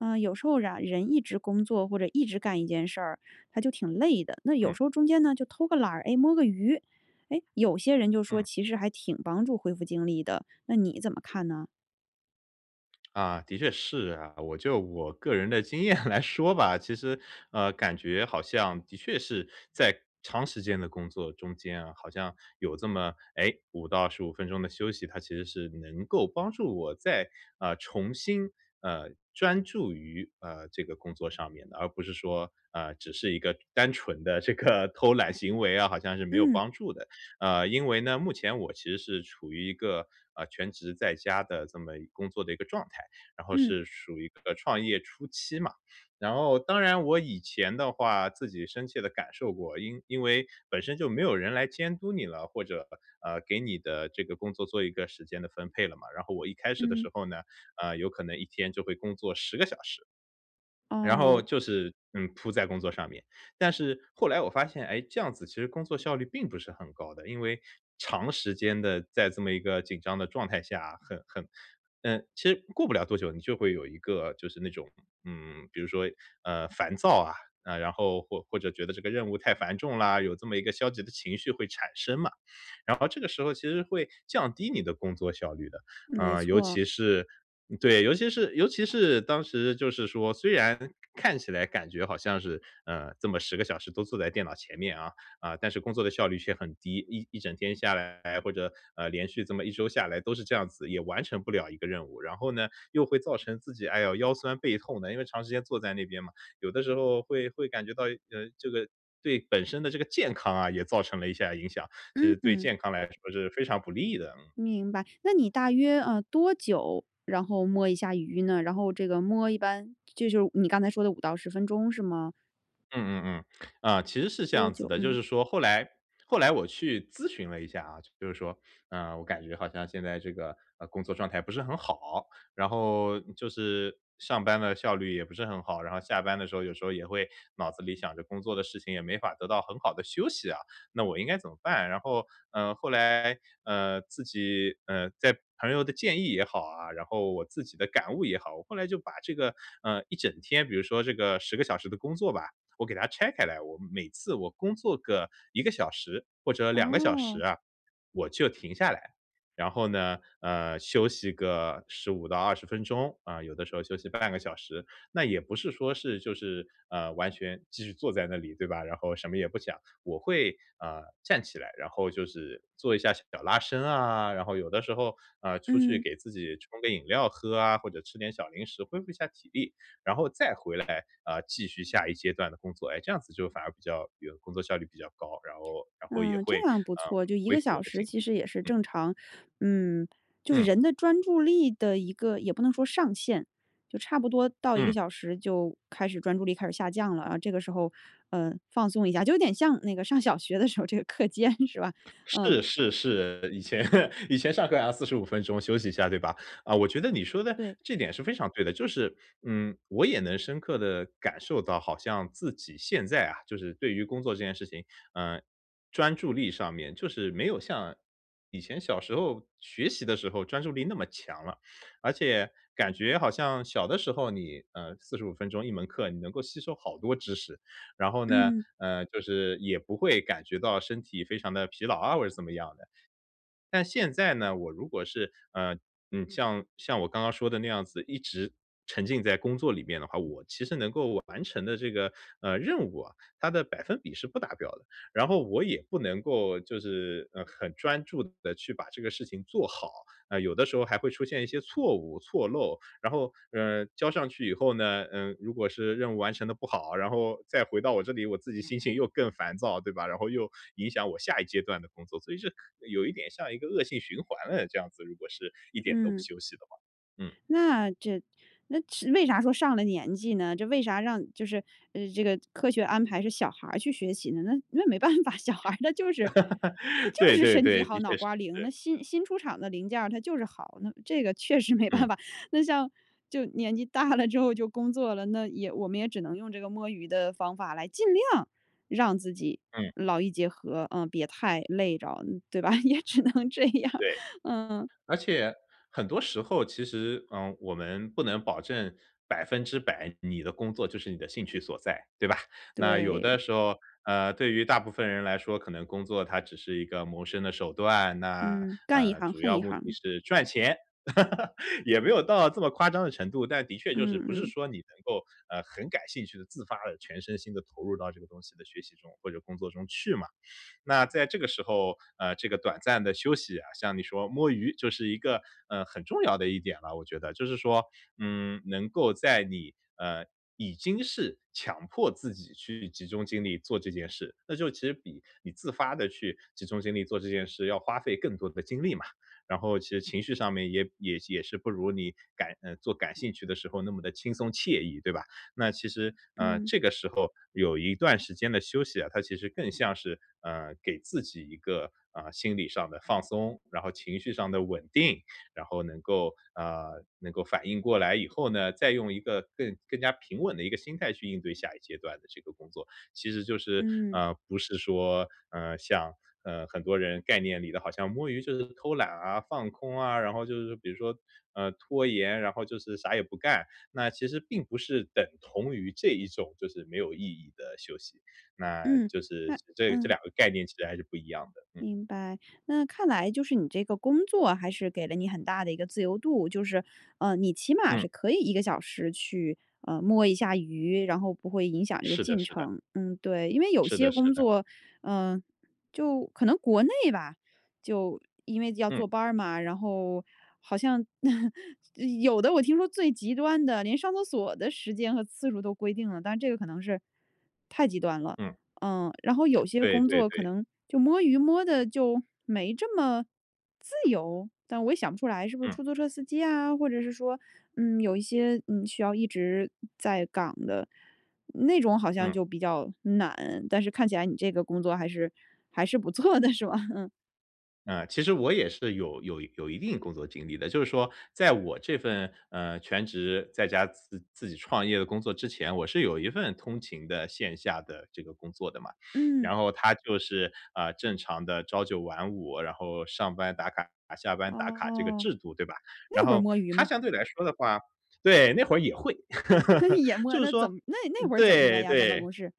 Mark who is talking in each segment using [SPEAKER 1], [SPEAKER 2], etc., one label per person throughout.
[SPEAKER 1] 呃，有时候啊，人一直工作或者一直干一件事儿，他就挺累的。那有
[SPEAKER 2] 嗯。
[SPEAKER 1] 时候中间呢，就偷个懒儿，诶，摸个鱼，诶，有些人就说
[SPEAKER 2] 嗯。
[SPEAKER 1] 其实还挺帮助恢复精力的，那你怎么看呢？
[SPEAKER 2] 啊，的确是啊。我就我个人的经验来说吧，其实，呃，感觉好像的确是在长时间的工作中间啊，好像有这么，诶，5到15分钟的休息，它其实是能够帮助我再，呃，重新，呃，专注于，呃，这个工作上面的。而不是说，呃，只是一个单纯的这个偷懒行为啊，好像是没有
[SPEAKER 1] 嗯。
[SPEAKER 2] 帮助的。呃，因为呢，目前我其实是处于一个，呃，全职在家的这么一工作的一个状态，然后
[SPEAKER 1] 嗯。
[SPEAKER 2] 是属于呃，创业初期嘛。然后当然我以前的话，自己深切地感受过，因因为本身就没有人来监督你了，或者，呃呃给你的这个工作做一个时间的分配了嘛。然后我一开始的
[SPEAKER 1] 嗯。
[SPEAKER 2] 时候呢，呃，有可能一天就会工作10个小时。然后
[SPEAKER 1] 哦。
[SPEAKER 2] 就是，嗯，扑在工作上面，但是后来我发现，诶，这样子其实工作效率并不是很高的。因为长时间地在这么一个紧张的状态下，很很呃，其实过不了多久，你就会有一个就是那种，嗯，比如说，呃，烦躁啊，然后或或者觉得这个任务太繁重啦，有这么一个消极的情绪会产生嘛。然后这个时候其实会降低你的工作效率的。
[SPEAKER 1] 没
[SPEAKER 2] 啊，尤
[SPEAKER 1] 错。
[SPEAKER 2] 其是对，尤其是尤其是当时就是说虽然看起来感觉好像是，呃，这么10个小时都坐在电脑前面啊，啊，但是工作的效率却很低。一一整天下来或者，呃，连续这么1周下来都是这样子，也完成不了1个任务。然后呢，又会造成自己，哎哟，腰酸背痛的，因为长时间坐在那边嘛。有的时候会会感觉到，呃，这个对本身的这个健康啊，也造成了一些啊，影响，其
[SPEAKER 1] 嗯
[SPEAKER 2] 实对
[SPEAKER 1] 嗯。
[SPEAKER 2] 健康来说是非常不利的，嗯。
[SPEAKER 1] 明白，那你大约，呃，多久，然后摸一下鱼呢？然后这个摸一般就是你刚才说的5到10分钟是吗？
[SPEAKER 2] 嗯嗯嗯。啊，其实是这
[SPEAKER 1] 多
[SPEAKER 2] 样
[SPEAKER 1] 久，
[SPEAKER 2] 子的，就
[SPEAKER 1] 嗯。
[SPEAKER 2] 是说后来后来我去咨询了一下啊。就是说，呃，我感觉好像现在这个，呃，工作状态不是很好，然后就是上班的效率也不是很好，然后下班的时候有时候也会，脑子里想着工作的事情也没法得到很好的休息啊，那我应该怎么办？然后，嗯，后来，呃，自己，呃，在朋友的建议也好啊，然后我自己的感悟也好，我后来就把这个，呃，一整天，比如说这个10个小时的工作吧，我给它拆开来，我每次我工作个1个小时或者2个小时
[SPEAKER 1] 哦。
[SPEAKER 2] 啊，我就停下来。然后呢，呃，休息个15到20分钟，啊，有的时候休息半个小时。那也不是说是就是，呃，完全继续坐在那里，对吧？然后什么也不想。我会，啊，站起来，然后就是做一下手脚拉伸啊，然后有的时候，啊，出去
[SPEAKER 1] 嗯。
[SPEAKER 2] 给自己冲个饮料喝啊，或者吃点小零食，恢复一下体力，然后再回来，啊，继续下一阶段的工作。诶，这样子就反而比较有工作效率比较高，然后然后也
[SPEAKER 1] 嗯，
[SPEAKER 2] 会，
[SPEAKER 1] 这样不
[SPEAKER 2] 嗯，
[SPEAKER 1] 错，就1
[SPEAKER 2] 恢
[SPEAKER 1] 个
[SPEAKER 2] 复我
[SPEAKER 1] 小
[SPEAKER 2] 的精
[SPEAKER 1] 时其
[SPEAKER 2] 力。
[SPEAKER 1] 实也是
[SPEAKER 2] 嗯。
[SPEAKER 1] 正常，嗯，就是
[SPEAKER 2] 嗯。
[SPEAKER 1] 人的专注力的一个也不能说上限，就差不多到1个
[SPEAKER 2] 嗯。
[SPEAKER 1] 小时就开始专注力开始下降了啊。这个时候，呃，放松一下，就有点像那个上小学的时候这个课间是吧？嗯。
[SPEAKER 2] 是是是，以前以前上课还要45分钟休息一下，对吧？啊，我觉得你说的
[SPEAKER 1] 对。
[SPEAKER 2] 这点是非常对的。就是，嗯，我也能深刻地感受到，好像自己现在啊，就是对于工作这件事情，呃，专注力上面就是没有像以前小时候学习的时候专注力那么强了。而且感觉好像小的时候，你，呃，45分钟1门课你能够吸收好多知识。然后呢，
[SPEAKER 1] 嗯。
[SPEAKER 2] 呃，就是也不会感觉到身体非常地疲劳啊或者怎么样的。但现在呢，我如果是，呃，嗯，像像我刚刚说的那样子，一直沉浸在工作里面的话，我其实能够完成的这个，呃，任务啊，它的百分比是不达标的。然后我也不能够就是，呃，很专注地去把这个事情做好。啊，有的时候还会出现一些错误、错漏，然后，呃，交上去以后呢，嗯，如果是任务完成得不好，然后再回到我这里，我自己心情又更烦躁，对吧？然后又影响我下一阶段的工作，所以是有一点像一个恶性循环了，这样子，如果是一点都不
[SPEAKER 1] 嗯。
[SPEAKER 2] 休息的话。嗯。
[SPEAKER 1] 那这那这为啥说上了年纪呢？这为啥让就是这个科学安排是小孩儿去学习呢？那那没办法，小
[SPEAKER 2] 嗯。
[SPEAKER 1] 孩儿他就是他 就
[SPEAKER 2] 对
[SPEAKER 1] 是
[SPEAKER 2] 对
[SPEAKER 1] 身体
[SPEAKER 2] 对，
[SPEAKER 1] 好、
[SPEAKER 2] 的
[SPEAKER 1] 脑
[SPEAKER 2] 确是。
[SPEAKER 1] 瓜灵。那新新出厂的零件儿它就是好，那这个确实没
[SPEAKER 2] 嗯。
[SPEAKER 1] 办法。那像就年纪大了之后就工作了，那也我们也只能用这个摸鱼的方法来尽量让自己
[SPEAKER 2] 嗯。
[SPEAKER 1] 劳逸结合，呃，别太累着对吧？也只能这样，
[SPEAKER 2] 对，
[SPEAKER 1] 嗯。
[SPEAKER 2] 而且很多时候其实，呃，我们不能保证100%你的工作就是你的兴趣所在，对吧？那有的
[SPEAKER 1] 对。
[SPEAKER 2] 时候，呃，对于大部分人来说，可能工作它只是一个谋生的手段，那，
[SPEAKER 1] 嗯，干一
[SPEAKER 2] 呃，
[SPEAKER 1] 行
[SPEAKER 2] 主
[SPEAKER 1] 恨
[SPEAKER 2] 要
[SPEAKER 1] 一
[SPEAKER 2] 目的
[SPEAKER 1] 行。
[SPEAKER 2] 是赚钱。也没有到这么夸张的程度，但的确就是
[SPEAKER 1] 嗯
[SPEAKER 2] 不是
[SPEAKER 1] 嗯。
[SPEAKER 2] 说你能够，呃，很感兴趣地、自发地全身心地投入到这个东西的学习中，或者工作中去嘛。那在这个时候，呃，这个短暂的休息啊，像你说摸鱼就是一个，呃，很重要的一点了，我觉得。就是说，嗯，能够在你，呃，已经是强迫自己去集中精力做这件事，那就其实比你自发地去集中精力做这件事，要花费更多的精力嘛。然后其实情绪上面也也也是不如你感呃，做感兴趣的时候那么地轻松惬意，对吧？那其实，啊，
[SPEAKER 1] 嗯。
[SPEAKER 2] 这个时候有一段时间的休息啊，它其实更像是，呃，给自己一个，啊，心理上的放松，然后情绪上的稳定，然后能够啊，能够反应过来以后呢，再用一个更更加平稳的一个心态去应对下一阶段的这个工作。其实就是，
[SPEAKER 1] 嗯。
[SPEAKER 2] 呃，不是说，呃，像，呃，很多人概念里的好像摸鱼就是偷懒啊，放空啊。然后就是说比如说，呃，拖延，然后就是啥也不干，那其实并不是等同于这一种就是没有意义的休息，那
[SPEAKER 1] 嗯，
[SPEAKER 2] 就是
[SPEAKER 1] 那
[SPEAKER 2] 这这
[SPEAKER 1] 嗯。
[SPEAKER 2] 两个概念其实还是不一样的，嗯。
[SPEAKER 1] 明白，那看来就是你这个工作还是给了你很大的一个自由度，就是，呃，你起码
[SPEAKER 2] 嗯。
[SPEAKER 1] 是可以1个小时去，呃，摸一下鱼，然后不会影响这个
[SPEAKER 2] 是的
[SPEAKER 1] 进
[SPEAKER 2] 是的。
[SPEAKER 1] 程。嗯，对，因为有
[SPEAKER 2] 是的
[SPEAKER 1] 些
[SPEAKER 2] 是
[SPEAKER 1] 工
[SPEAKER 2] 的。
[SPEAKER 1] 作呃，就可能国内吧，就因为要
[SPEAKER 2] 嗯。
[SPEAKER 1] 坐班儿嘛，然后好像 有的我听说最极端的连上厕所的时间和次数都规定了，但是这个可能是太极端了，
[SPEAKER 2] 嗯。
[SPEAKER 1] 嗯。然后有些
[SPEAKER 2] 对
[SPEAKER 1] 工
[SPEAKER 2] 对
[SPEAKER 1] 作可
[SPEAKER 2] 对。
[SPEAKER 1] 能就摸鱼摸得就没这么自由，但我也想不出来是不是
[SPEAKER 2] 嗯。
[SPEAKER 1] 出租车司机啊，或者是说，嗯，有一些，嗯，需要一直在岗的，那种好像
[SPEAKER 2] 嗯。
[SPEAKER 1] 就比较难，但是看起来你这个工作还是还是不错的是吧？嗯。
[SPEAKER 2] 啊，其实我也是有有有一定工作经历的，就是说，在我这份，呃，全职在家，自自己创业的工作之前，我是有一份通勤的线下的这个工作的嘛。
[SPEAKER 1] 嗯。
[SPEAKER 2] 然后它就是，啊，正常的朝九晚五，然后上班打卡，下班打卡这个
[SPEAKER 1] 哦，
[SPEAKER 2] 制度，对吧？然
[SPEAKER 1] 那会儿
[SPEAKER 2] 后
[SPEAKER 1] 摸鱼
[SPEAKER 2] 它
[SPEAKER 1] 吗？
[SPEAKER 2] 相对来说的话对，那会儿也会，
[SPEAKER 1] 也摸，
[SPEAKER 2] 就是
[SPEAKER 1] 那怎
[SPEAKER 2] 说
[SPEAKER 1] 么那那会儿怎么摸
[SPEAKER 2] 对
[SPEAKER 1] 呀，在办
[SPEAKER 2] 对。
[SPEAKER 1] 公室。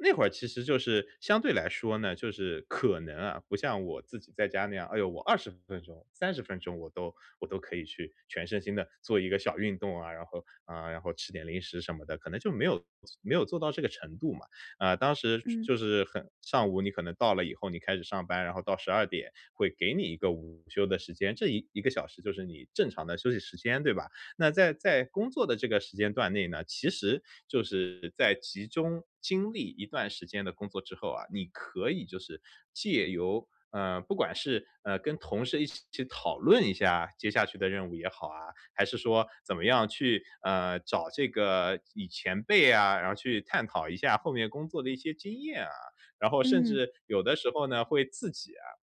[SPEAKER 2] 那会儿其实就是相对来说呢就是可能啊，不像我自己在家那样，哎呦，我20分钟，30分钟我都我都可以去全身心地做一个小运动啊，然后啊，然后吃点零食什么的。可能就没有没有做到这个程度嘛。啊，当时
[SPEAKER 1] 嗯。
[SPEAKER 2] 就是很上午，你可能到了以后你开始上班，然后到12:00会给你一个午休的时间，这一1个小时就是你正常的休息时间，对吧？那在在工作的这个时间段内呢，其实，就是在集中精力一段时间的工作之后啊，你可以就是，借由，呃，不管是，呃，跟同事一起去讨论一下接下去的任务也好啊，还是说，怎么样去，呃，找这个以前辈啊，然后去探讨一下后面工作的一些经验啊，然后甚
[SPEAKER 1] 嗯。
[SPEAKER 2] 至有的时候呢，会自己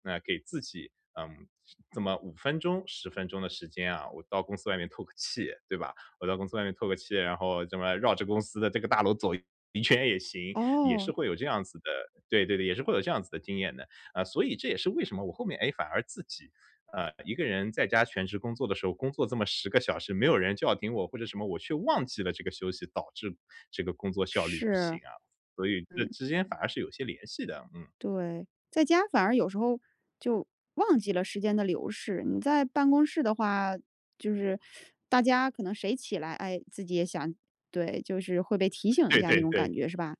[SPEAKER 2] 啊给自己，嗯，这么5分钟10分钟的时间啊，我到公司外面透个气，对吧？我到公司外面透个气，然后这么绕着公司的这个大楼走一圈也行，也
[SPEAKER 1] 哦。
[SPEAKER 2] 是会有这样子的对对对，也是会有这样子的经验的。啊，所以这也是为什么我后面，诶，反而自己，呃，一个人在家全职工作的时候，工作这么10个小时，没有人叫停我，或者什么我却忘记了这个休息，导致这个工作效率不行
[SPEAKER 1] 是。
[SPEAKER 2] 啊。所以这
[SPEAKER 1] 嗯。
[SPEAKER 2] 之间反而是有些联系的，嗯。
[SPEAKER 1] 对，在家反而有时候，就忘记了时间的流逝，你在办公室的话，就是 大家可能谁起来，诶，自己也想对，就是会被提醒一
[SPEAKER 2] 对
[SPEAKER 1] 下那
[SPEAKER 2] 对
[SPEAKER 1] 种感
[SPEAKER 2] 对。
[SPEAKER 1] 觉是吧？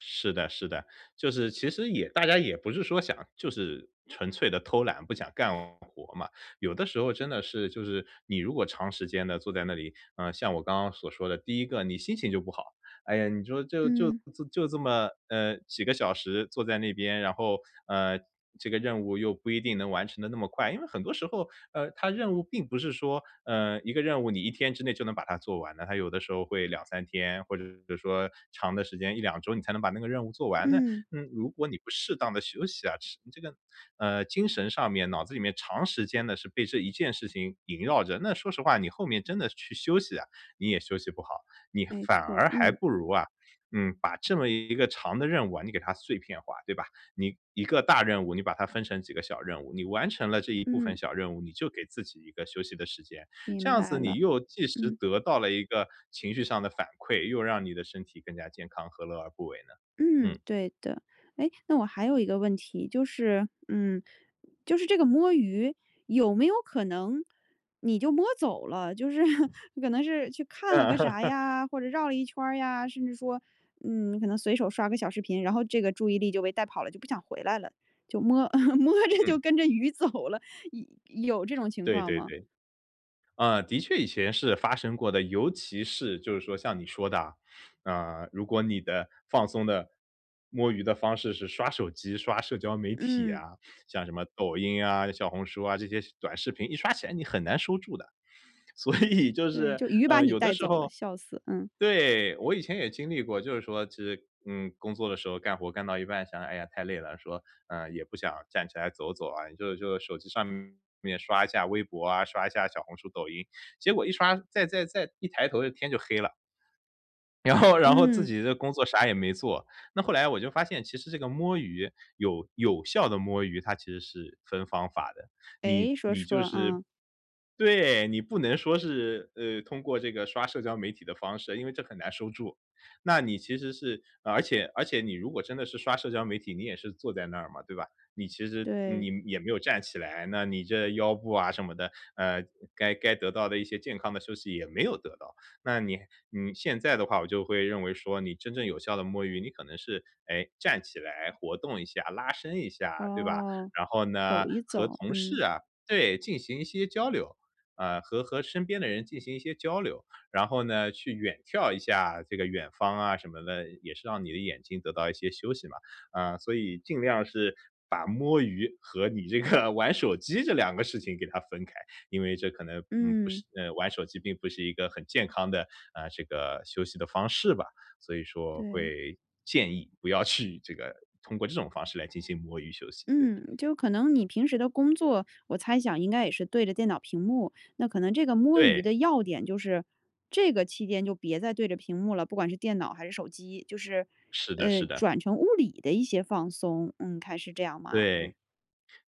[SPEAKER 2] 是的是的，就是其实也大家也不是说想就是纯粹地偷懒，不想干活嘛。有的时候真的是就是你如果长时间地坐在那里，啊，像我刚刚所说的，第一个你心情就不好。哎呀，你说就就
[SPEAKER 1] 嗯。
[SPEAKER 2] 就这么，呃，几个小时坐在那边，然后，呃，这个任务又不一定能完成得那么快。因为很多时候，呃，它任务并不是说，呃，一个任务你1天之内就能把它做完的，它有的时候会2-3天，或者比如说长的时间，1-2周你才能把那个任务做完。那
[SPEAKER 1] 嗯。
[SPEAKER 2] 如果你不适当地休息啊，实际这个，呃，精神上面、脑子里面长时间地是被这一件事情萦绕着。那说实话，你后面真的去休息啊，你也休息不好。你
[SPEAKER 1] 没
[SPEAKER 2] 反
[SPEAKER 1] 错，
[SPEAKER 2] 而还
[SPEAKER 1] 嗯。
[SPEAKER 2] 不如啊，嗯，把这么一个长的任务啊，你给它碎片化，对吧？你一个大任务，你把它分成几个小任务，你完成了这一部分
[SPEAKER 1] 嗯。
[SPEAKER 2] 小任务，你就给自己一个休息的时间，这
[SPEAKER 1] 明
[SPEAKER 2] 样子
[SPEAKER 1] 白
[SPEAKER 2] 你
[SPEAKER 1] 了。
[SPEAKER 2] 又即时
[SPEAKER 1] 嗯。
[SPEAKER 2] 得到了一个情绪上的反馈，又让你的身体更加健康，何乐而不为呢？嗯。
[SPEAKER 1] 嗯，对的。诶，那我还有一个问题，就是嗯，就是这个摸鱼，有没有可能你就摸走了，就是可能是去看了
[SPEAKER 2] 嗯。
[SPEAKER 1] 个啥 呀，或者绕了一圈儿呀，甚至说，嗯，你可能随手刷个小视频，然后这个注意力就被带跑了，就不想回来了。就摸 摸着就
[SPEAKER 2] 嗯。
[SPEAKER 1] 跟着鱼走了，有有这种情
[SPEAKER 2] 对
[SPEAKER 1] 况
[SPEAKER 2] 对
[SPEAKER 1] 吗？
[SPEAKER 2] 对。嗯，的确以前是发生过的。尤其是就是说像你说的啊，啊，如果你的放松的摸鱼的方式是刷手机、刷社交媒体
[SPEAKER 1] 嗯。
[SPEAKER 2] 啊，像什么抖音啊、小红书啊，这些短视频一刷起来你很难收住的。所以就
[SPEAKER 1] 对，
[SPEAKER 2] 是，
[SPEAKER 1] 就鱼把
[SPEAKER 2] 呃，
[SPEAKER 1] 你
[SPEAKER 2] 有的
[SPEAKER 1] 带
[SPEAKER 2] 时
[SPEAKER 1] 走了。
[SPEAKER 2] 候
[SPEAKER 1] 笑死，嗯。
[SPEAKER 2] 对。我以前也经历过，就是说其实，嗯，工作的时候干活干到一半，想哎呀，太累了，说，嗯，也不想站起来走走啊，就就手机上面刷一下微博啊，刷一下小红书、抖音，结果一刷再再再一抬头天就黑了。然后然后自
[SPEAKER 1] 嗯。
[SPEAKER 2] 己的工作啥也没做。那后来我就发现其实这个摸鱼，有有效的摸鱼，它其实是分方法的。你
[SPEAKER 1] 诶，说
[SPEAKER 2] 你就
[SPEAKER 1] 说，
[SPEAKER 2] 是
[SPEAKER 1] 嗯。
[SPEAKER 2] 对，你不能说是，呃，通过这个刷社交媒体的方式，因为这很难收住。那你其实是而且而且你如果真的是刷社交媒体，你也是坐在那儿嘛，对吧？你其实你
[SPEAKER 1] 对。
[SPEAKER 2] 也没有站起来，那你这腰部啊什么的，呃，该该得到的一些健康的休息也没有得到。那你你现在的话，我就会认为说你真正有效的摸鱼，你可能是，诶，站起来活动一下、拉伸一下，对吧？
[SPEAKER 1] 哦，
[SPEAKER 2] 然后呢，
[SPEAKER 1] 走一
[SPEAKER 2] 和
[SPEAKER 1] 走，
[SPEAKER 2] 同
[SPEAKER 1] 嗯。
[SPEAKER 2] 事啊对，进行一些交流，啊，和和身边的人进行一些交流。然后呢，去远眺一下这个远方啊什么的，也是让你的眼睛得到一些休息嘛。啊，所以尽量是把摸鱼和你这个玩手机这两个事情给它分开，因为这可能，嗯，不
[SPEAKER 1] 嗯。
[SPEAKER 2] 是玩手机并不是一个很健康的，啊，这个休息的方式吧。所以说
[SPEAKER 1] 对。
[SPEAKER 2] 会建议不要去这个，通过这种方式来进行摸鱼休息，对。
[SPEAKER 1] 嗯，就可能你平时的工作，我猜想应该也是对着电脑屏幕。那可能这个摸鱼
[SPEAKER 2] 对。
[SPEAKER 1] 的要点就是，这个期间就别再对着屏幕了，不管是电脑还是手机。就是，
[SPEAKER 2] 是的
[SPEAKER 1] 呃，
[SPEAKER 2] 是的。
[SPEAKER 1] 转成物理的一些放松，嗯，看是这样吗？嗯。
[SPEAKER 2] 对，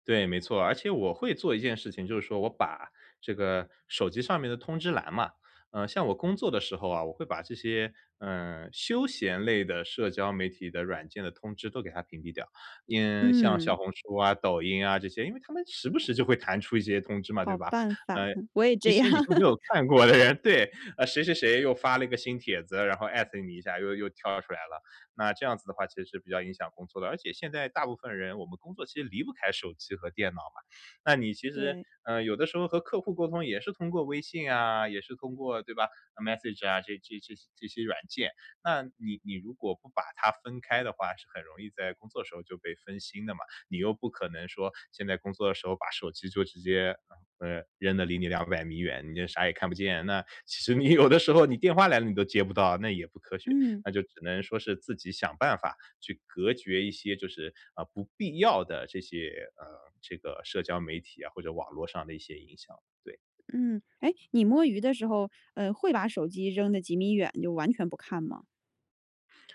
[SPEAKER 2] 对，没错。而且我会做一件事情，就是说我把这个手机上面的通知栏嘛，呃，像我工作的时候啊，我会把这些，呃，休闲类的社交媒体的软件的通知都给它屏蔽掉。嗯，像
[SPEAKER 1] 嗯。
[SPEAKER 2] 小红书啊、抖音啊这些，因为它们时不时就会弹出一些通知嘛，对
[SPEAKER 1] 好
[SPEAKER 2] 吧？
[SPEAKER 1] 办
[SPEAKER 2] 呃，
[SPEAKER 1] 法，嗯，我也
[SPEAKER 2] 一
[SPEAKER 1] 这
[SPEAKER 2] 些
[SPEAKER 1] 样。
[SPEAKER 2] 你都没有 看过的人，对，谁谁谁又发了一个新帖子，然后 at 你一下又又跳出来了，那这样子的话其实是比较影响工作的。而且现在大部分人我们工作其实离不开手机和电脑嘛，那你其实，
[SPEAKER 1] 对。
[SPEAKER 2] 呃，有的时候和客户沟通也是通过微信啊，也是通过，对吧，message 啊，这这这些这些软件，那你你如果不把它分开的话，是很容易在工作的时候就被分心的嘛。你又不可能说，现在工作的时候把手机就直接，呃，扔得离你两百米远，你就啥也看不见，那其实你有的时候你电话来了，你都接不到，那也不科学。
[SPEAKER 1] 嗯。
[SPEAKER 2] 那就只能说是自己想办法，去隔绝一些就是，呃，不必要的这些，呃，这个社交媒体啊，或者网络上的一些影响。对。
[SPEAKER 1] 嗯。诶，你摸鱼的时候，呃，会把手机扔得几米远，就完全不看吗？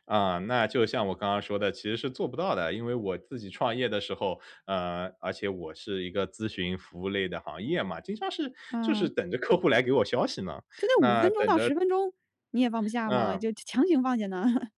[SPEAKER 2] 啊，那就像我刚刚说的，其实是做不到的。因为我自己创业的时候呃，而且我是一个咨询服务类的行业嘛，经常是就是
[SPEAKER 1] 嗯。
[SPEAKER 2] 等着客户来给我消息嘛，
[SPEAKER 1] 就那5
[SPEAKER 2] 那
[SPEAKER 1] 分钟
[SPEAKER 2] 等
[SPEAKER 1] 到
[SPEAKER 2] 着
[SPEAKER 1] 10分钟，你也放不下吗？
[SPEAKER 2] 嗯。
[SPEAKER 1] 就强行放下呢？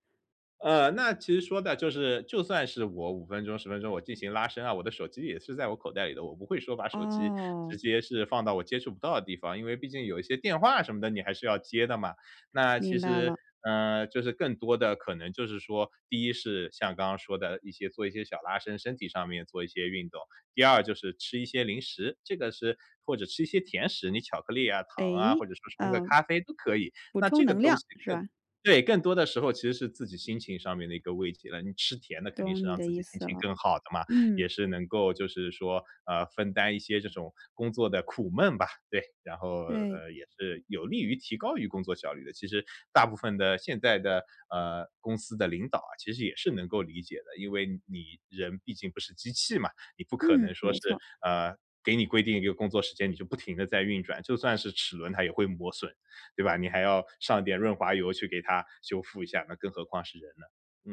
[SPEAKER 2] 呃，那其实说的就是就算是我5分钟、10分钟我进行拉伸啊，我的手机也是在我口袋里的，我不会说把手机直
[SPEAKER 1] 哦。
[SPEAKER 2] 接是放到我接触不到的地方，因为毕竟有一些电话什么的，你还是要接的嘛。那其
[SPEAKER 1] 明白
[SPEAKER 2] 实，
[SPEAKER 1] 了。
[SPEAKER 2] 呃，就是更多的可能就是说，第一是像刚刚说的一些做一些小拉伸，身体上面做一些运动。第二就是吃一些零食，这个是，或者吃一些甜食，你巧克力啊，糖啊，或
[SPEAKER 1] 诶？
[SPEAKER 2] 者说冲个
[SPEAKER 1] 呃，
[SPEAKER 2] 咖啡都可以。
[SPEAKER 1] 补
[SPEAKER 2] 那这
[SPEAKER 1] 充
[SPEAKER 2] 个
[SPEAKER 1] 能
[SPEAKER 2] 东西
[SPEAKER 1] 量，是
[SPEAKER 2] 更
[SPEAKER 1] 吧？
[SPEAKER 2] 对，更多的时候其实是自己心情上面的一个慰藉了，你吃甜的肯定
[SPEAKER 1] 懂
[SPEAKER 2] 是
[SPEAKER 1] 你
[SPEAKER 2] 让
[SPEAKER 1] 的
[SPEAKER 2] 自
[SPEAKER 1] 意
[SPEAKER 2] 己心
[SPEAKER 1] 思
[SPEAKER 2] 情
[SPEAKER 1] 了。
[SPEAKER 2] 更好的嘛，
[SPEAKER 1] 嗯。
[SPEAKER 2] 也是能够就是说，啊，分担一些这种工作的苦闷吧，对。然后，
[SPEAKER 1] 对。
[SPEAKER 2] 呃，也是有利于提高于工作效率的，其实大部分的现在的，呃，公司的领导啊，其实也是能够理解的。因为你人毕竟不是机器嘛，你不可
[SPEAKER 1] 嗯，
[SPEAKER 2] 能说
[SPEAKER 1] 没
[SPEAKER 2] 是，
[SPEAKER 1] 错。
[SPEAKER 2] 呃，给你规定一个工作时间，你就不停地在运转，就算是齿轮它也会磨损，对吧？你还要上点润滑油去给它修复一下，那更何况是人呢。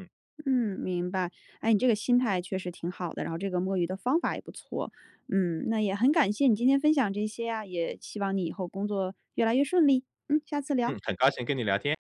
[SPEAKER 2] 嗯。
[SPEAKER 1] 嗯，明白。哎，你这个心态确实挺好的，然后这个摸鱼的方法也不错。嗯，那也很感谢你今天分享这些呀，也希望你以后工作越来越顺利。嗯，下次聊。
[SPEAKER 2] 嗯，很高兴跟你聊天。